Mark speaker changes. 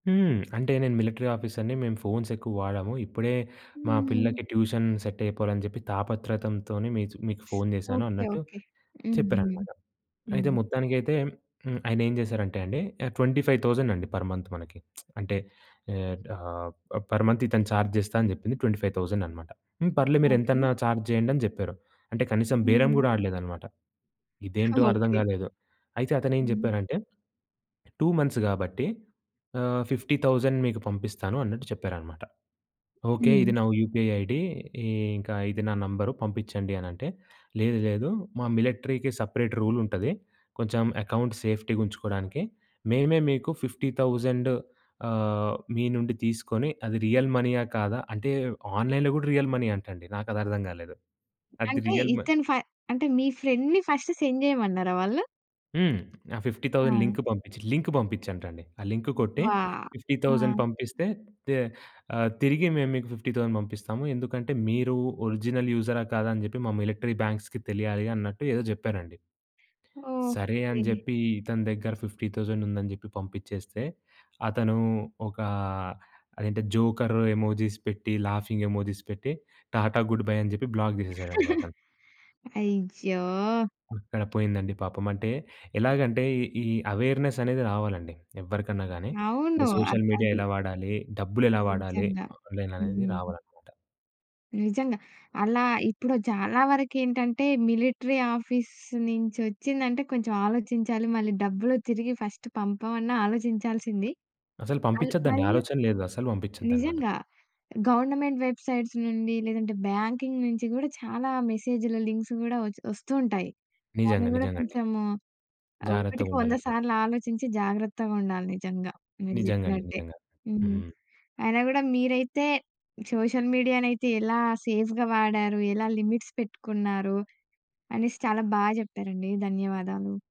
Speaker 1: హ్మ్. అంటే, "నేను మిలిటరీ ఆఫీసర్‌ని. మేము ఫోన్స్ ఎక్కువ వాడము. ఇప్పుడే మా
Speaker 2: హ్మ్.
Speaker 1: పిల్లకి ట్యూషన్ సెట్ అయిపోవాలని చెప్పి తాపత్రతంతోనే మీకు మీకు ఫోన్ చేశాను"
Speaker 2: ఓకే.
Speaker 1: అన్నట్టు
Speaker 2: ఓకే. హుహు.
Speaker 1: చెప్పారనమాట. అయితే
Speaker 2: హ్మ్.
Speaker 1: మొత్తానికైతే హ్మ్, ఆయనేం చేశారంటే అండి, ఆహ్, 25,000 అండి పర్ మంత్ మనకి. అంటే ఆహ్, ఆహ్, పర్ మంత్ ఇతను ఛార్జ్ చేస్తా అని చెప్పింది 25,000 అనమాట. హ్మ్, "పర్లే,
Speaker 2: ఓకే.
Speaker 1: మీరెంతన్నా ఛార్జ్ చేయండి" అని చెప్పారు. అంటే, కనీసం
Speaker 2: హ్మ్,
Speaker 1: బేరం
Speaker 2: హ్మ్.
Speaker 1: కూడా ఆడలేదనమాట. ఇదేంటో అర్థం
Speaker 2: ఓకే.
Speaker 1: కాలేదు. అయితే అతనేం
Speaker 2: హ్మ్.
Speaker 1: చెప్పారంటే, "2 మంత్స్ కాబట్టి ఆహ్, 50,000 మీకు పంపిస్తాను" అన్నట్టు చెప్పారనమాట. ఓకే,
Speaker 2: హ్మ్.
Speaker 1: ఇది నా యూపీఐ ఐడీ, ఇంకా ఇది నా నంబర్ పంపించండి అని అంటే, "లేదు, లేదు. మా మిలిటరీకి సెపరేట్ రూల్ ఉంటది. కొంచెం అకౌంట్ సేఫ్టీగా ఉంచుకోవడానికి. మేమే మీకు 50,000 ఆహ్, మీ నుండి తీసుకొని, అది రియల్ మనీయా కాదా" అంటే, ఆన్‌లైన్‌లో కూడా రియల్ మనీ అంటండి. నాకది అర్థం కాలేదు. అది
Speaker 2: అంటే
Speaker 1: రియల్ మ
Speaker 2: ఇతను ఫ అంటే, మీ ఫ్రెండ్‌ని ఫస్ట్ సెండ్ చేయమన్నారా వాళ్ళు?
Speaker 1: హ్మ్. ఆ 50,000
Speaker 2: ఆ!
Speaker 1: లింక్ పంపించి లింక్ పంపించటండి. "ఆ లింక్ కొట్టే,
Speaker 2: అవ్వా!
Speaker 1: 50,000
Speaker 2: ఆ!
Speaker 1: పంపిస్తే తే ఆహ్, తిరిగి మేము మీకు 50,000 పంపిస్తాము. ఎందుకంటే, మీరు ఒరిజినల్ యూజరా కాదా, అని చెప్పి మా మిలటరీ బ్యాంక్స్‌కి తెలియాలి" అన్నట్టు ఏదో చెప్పారండి. సరే, అని
Speaker 2: ఓకే.
Speaker 1: చెప్పి ఇతని దగ్గర 50,000 ఉందని చెప్పి పంపించేస్తే, అతను ఒక అదేంటి జోకర్ ఎమోజిస్ పెట్టి, లాఫింగ్ ఎమోజిస్ పెట్టి, "టాటా, గుడ్ బై" అని చెప్పి బ్లాక్ చేసేసాడండి అతను.
Speaker 2: అయ్యో!
Speaker 1: అక్కడ పోయిందండి పాపం. అంటే ఎలాగంటే, ఈ ఈ అవేర్నెస్ అనేది రావాలండి. ఎవరికన్నా గాని. అంటే,
Speaker 2: అవును. అద్
Speaker 1: సోషల్ మీడియా
Speaker 2: అది.
Speaker 1: ఎలా వాడాలి, డబ్బులెలా వాడాలి,
Speaker 2: నిజంగా.
Speaker 1: ఆన్‌లైన్ అనేది
Speaker 2: హ్మ్.
Speaker 1: రావాలన్నమాట.
Speaker 2: నిజంగా. అలా ఇప్పుడు చాలా వరకేంటంటే, మిలిటరీ ఆఫీస్ నుంచొచ్చిందంటే కొంచెం ఆలోచించాలి. మళ్ళీ డబ్బులు తిరిగి ఫస్ట్ పంపమన్న ఆలోచించాల్సింది.
Speaker 1: అసలు
Speaker 2: మల్
Speaker 1: పంపించద్దండి.
Speaker 2: మరియు
Speaker 1: ఆలోచన లేదు అసలు పంపించొద్దన్నమాట.
Speaker 2: నిజంగా. గవర్నమెంట్ వెబ్సైట్స్ నుండి, లేదంటే బ్యాంకింగ్ నుంచి కూడా చాలా మెసేజ్‌లు, లింక్స్ కూడా వచ్ వస్తూ ఉంటాయి. దాన్ని
Speaker 1: నిజంగా,
Speaker 2: కూడా,
Speaker 1: నిజంగా అండి.
Speaker 2: కొంచెము
Speaker 1: జాగ్రత్తగా
Speaker 2: ఒకటికి వంద
Speaker 1: ఉండాలన్నమాట.
Speaker 2: సార్లు ఆలోచించి జాగ్రత్తగా ఉండాలి నిజంగా. మీరు
Speaker 1: నిజంగా అండి.
Speaker 2: చెప్పినట్టే.
Speaker 1: నిజంగా.
Speaker 2: హ్మ్.
Speaker 1: హ్మ్.
Speaker 2: అయినా కూడా మీరైతే సోషల్ మీడియానైతే ఎలా సేఫ్‌గా వాడారు, ఎలా లిమిట్స్ పెట్టుకున్నారు అనేసి చాలా బా చెప్పారండి. ధన్యవాదాలు.